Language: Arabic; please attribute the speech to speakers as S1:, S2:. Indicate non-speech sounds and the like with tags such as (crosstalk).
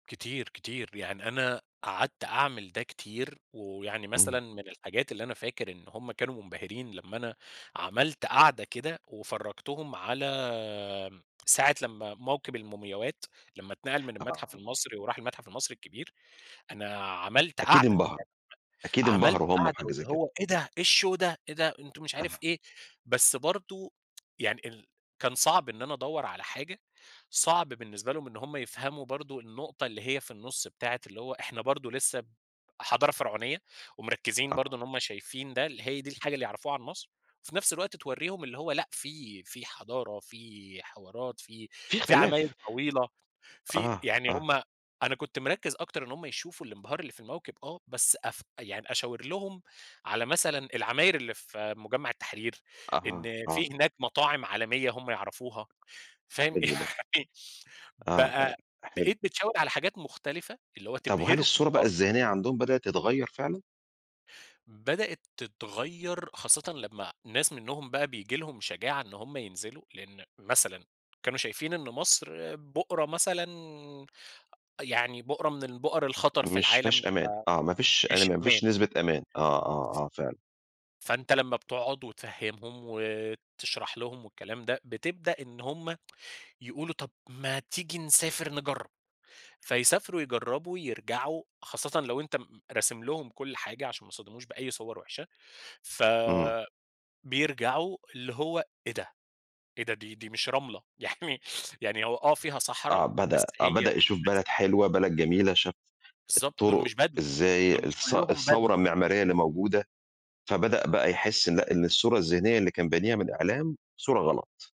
S1: كتير، كتير، ب يعني أنا قعدت أعمل ده كتير ويعني مثلًا
S2: إمم.
S1: من الحاجات اللي أنا فاكر إن هُم كانوا منبهرين لمّا أنا عملت قعدة كده، وفرجتهم على م ساعة لمّا موكب المومياوات لمّا اتنقل من المتحف
S2: آه.
S1: المصري وراح المتحف المصري الكبير، أنا عملت
S2: أكيد
S1: قعدة،
S2: انبهروا، أكيد
S1: (unintelligible) عملت
S2: انبهروا هُم
S1: قعدة
S2: بحاجة زي
S1: واللي
S2: كده.
S1: "هو إيه ده إيه الshow ده إيه! ده أنتم" مش عارف
S2: أها.
S1: إيه، بس برضه يعني ال كان صعب إن أنا ادوّر على حاجة صعب بالنسبة لهم إن هُم يفهموا برضه النقطة اللي هي في النُص بتاعة اللي هو إحنا برضه لسه ب حضارة فرعونية ومركزين برضه
S2: آه.
S1: إن هُم شايفين ده، اللي هي دي الحاجة اللي يعرفوها عن مصر، وفي نَفْس الوقت توريهم اللي هو لأ في في حضارة في حوارات في
S2: في
S1: في عماير
S2: اختلاف.
S1: طويلة في
S2: آه،
S1: يعني
S2: آه.
S1: هُم أنا كنت مركّز أكتر إن هُم يشوفوا الانبهار اللي في الموكب، آه، بس أف أ يعني أشاور لهم على مثلًا العماير اللي في مجمع التحرير،
S2: أها،
S1: إن في
S2: آه.
S1: هناك مطاعم عالمية هُم يعرفوها،
S2: أ
S1: فاهم؟
S2: حلو ده.
S1: يعني
S2: آه أم
S1: بقى
S2: حلو.
S1: بقيت بتشاور على حاجات مختلفة، اللي هو
S2: طَب وهل
S1: تبهرهم
S2: الصورة بقى
S1: أك
S2: الذهنية عندهم بدأت تتغيّر فعلًا؟
S1: بدأت تتغيّر خاصةً لمّا ناس منهم بقى بييجي لهم شجاعة إن هُم ينزلوا، لإن مثلًا كانوا شايفين إن مصر بؤرة مثلًا أ يعني بؤرة من البؤر الخطر في
S2: مش
S1: العالم ف
S2: مافيهاش أمان، آه، مافيش أنا
S1: مش أمان.
S2: مافيش نسبة أمان، آه، آه، آه فعلًا.
S1: فأنت لمّا بتقعُد وتفهمهم، وتشرح لهم والكلام ده، بتبدأ إن هُم يقولوا: "طَب ما تيجي نسافر نجرّب." فيسافروا يجرّبوا، يرجعوا خاصةً لو أنت م م راسم لهم كل حاجة عشان ما يصتدموش بأي صور وحشة، ف
S2: إمم.
S1: بيرجعوا اللي هو إيه ده؟! إيه ده؟! دي دي مش رملة يعني يعني هو آه فيها صحرا،
S2: آه،
S1: بس
S2: بدأ آه،
S1: هي
S2: بدأ يشوف
S1: بس
S2: بلد حلوة، بلد جميلة، شاف
S1: بالضبط، دُول
S2: الطرق
S1: مش بَدو،
S2: إزاي
S1: دُول مش
S2: الث
S1: كلّهم بَدو.
S2: الثورة المعمارية اللي موجودة، فبدأ بقى يحس لأ، إن الصورة الذهنية اللي كان بانيها من الإعلام، صورة غلط.